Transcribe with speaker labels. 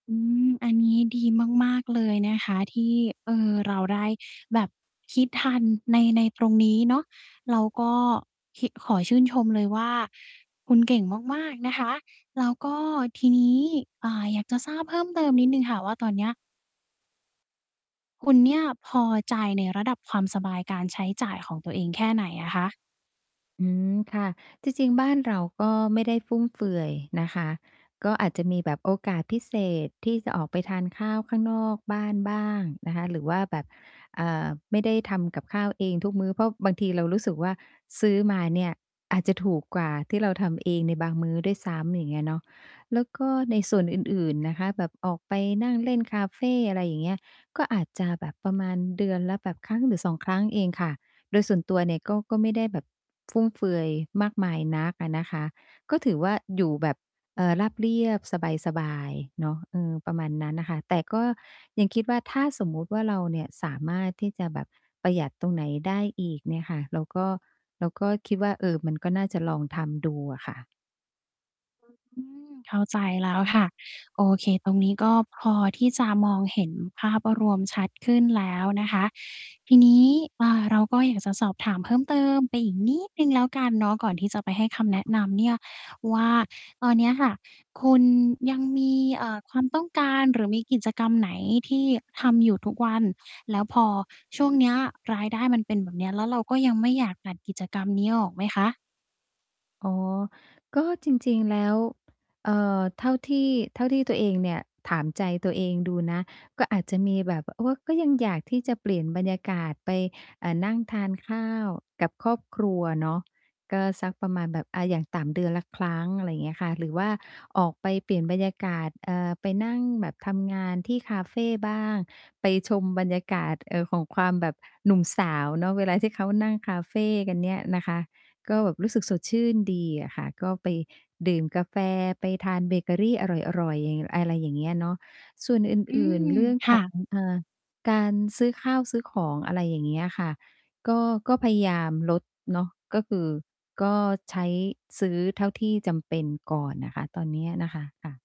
Speaker 1: อืม อันนี้ดีมาก ๆ เลยนะคะ ที่ เอ่อ เราได้แบบคิดทันใน ในตรงนี้เนาะ เราก็คิด ขอชื่นชมเลยว่า คุณเก่งมาก ๆ นะคะ แล้วก็ทีนี้ อ่า อยากจะทราบเพิ่มเติมนิดหนึ่งค่ะว่า ตอนเนี้ย คุณเนี่ยพอใจในระดับความสบายการใช้จ่ายของตัวเอง แค่ไหนอะคะ?
Speaker 2: อืม ค่ะ จริง ๆ บ้านเราก็ไม่ได้ฟุ่มเฟือยนะคะ ก็อาจจะมีแบบโอกาสพิเศษที่จะออกไปทานข้าวข้างนอกบ้านบ้างนะคะ หรือว่าแบบ เอ่อ ไม่ได้ทำกับข้าวเองทุกมื้อ เพราะบางทีเรารู้สึกว่า ซื้อมาเนี่ยอาจจะถูกกว่าที่เราทำเองในบางมื้อด้วยซ้ำ อย่างเงี้ยเนาะ แล้วก็ในส่วนอื่น ๆ นะคะ แบบออกไปนั่งเล่นคาเฟ อะไรอย่างเงี้ย ก็อาจจะแบบประมาณเดือนละแบบครั้งหรือ 2 ครั้งเองค่ะ โดยส่วนตัวเนี่ยก็ ก็ไม่ได้แบบฟุ่มเฟือยมากมายนักอะนะคะ ก็ถือว่า อยู่แบบ เอ่อ ราบเรียบ สบาย ๆ เนาะ อือ ประมาณนั้นน่ะค่ะ แต่ก็ยังคิดว่า ถ้าสมมุติว่า เราเนี่ยสามารถที่จะแบบประหยัดตรงไหนได้อีกเนี่ยค่ะ เราก็ เราก็คิดว่า เออ มันก็น่าจะลองทำดูอะค่ะ
Speaker 1: อือ เข้าใจแล้วค่ะ โอเค ตรงนี้ก็พอที่จะมองเห็นภาพรวมชัดขึ้นแล้วนะคะ ทีนี้ อ่า เราก็อยากจะสอบถามเพิ่มเติมไปอีกนิดหนึ่งแล้วกันเนาะ ก่อนที่จะไปให้คำแ
Speaker 2: ค
Speaker 1: น
Speaker 2: ่
Speaker 1: ะ
Speaker 2: ะ
Speaker 1: นำเนี่ยว่า ตอนเนี้ยค่ะ คุณยังมี เอ่อ ความต้องการ หรือมีกิจกรรมไหน? ที่ทำอยู่ทุกวัน แล้วพอช่วงเนี้ยรายได้มันเป็นแบบเนี้ย แล้วเราก็ยังไม่อยากตัดกิจกรรมนี้ออกไหมคะ?
Speaker 2: อ๋อ ก็จริง ๆ แล้ว เอ่อ เท่าที่ เท่าที่ตัวเองเนี่ยถามใจตัวเองดูนะ ก็อาจจะมีแบบ โอ้ ก็ยังอยากที่จะเปลี่ยนบรรยากาศไป อ่า นั่งทานข้าวกับครอบครัวเนาะ ก็สักประมาณแบบ อะ อย่างต่ำเดือนละครั้ง อะไรเงี้ยค่ะ หรือว่าออกไปเปลี่ยนบรรยากาศ เอ่อ ไปนั่งแบบทำงานที่คาเฟบ้าง ไปชมบรรยากาศ เอ่อ ของความแบบหนุ่มสาวเนาะเวลาที่เขานั่งคาเฟกันเนี่ยนะคะ ก็แบบรู้สึกสดชื่นดีอะค่ะ ก็ไปดื่มกาแฟ ไปทานเบเกอรีอร่อย ๆ เหย่งง่ะ อะไรอย่างเงี้ยเนาะ ส่วนอ
Speaker 1: อื
Speaker 2: ื่น
Speaker 1: ม
Speaker 2: ๆ เรื่อง
Speaker 1: ค
Speaker 2: ข
Speaker 1: ่
Speaker 2: อง
Speaker 1: ะ
Speaker 2: อ่า การซื้อข้าวซื้อของ อะไรอย่างเงี้ยค่ะ ก็ ก็พยายามลดเนาะ ก็คือ ก็ใช้ ซื้อเท่าที่จำเป็นก่อนน่ะค่ะ ตอนเนี้ยนะคะ ค่ะ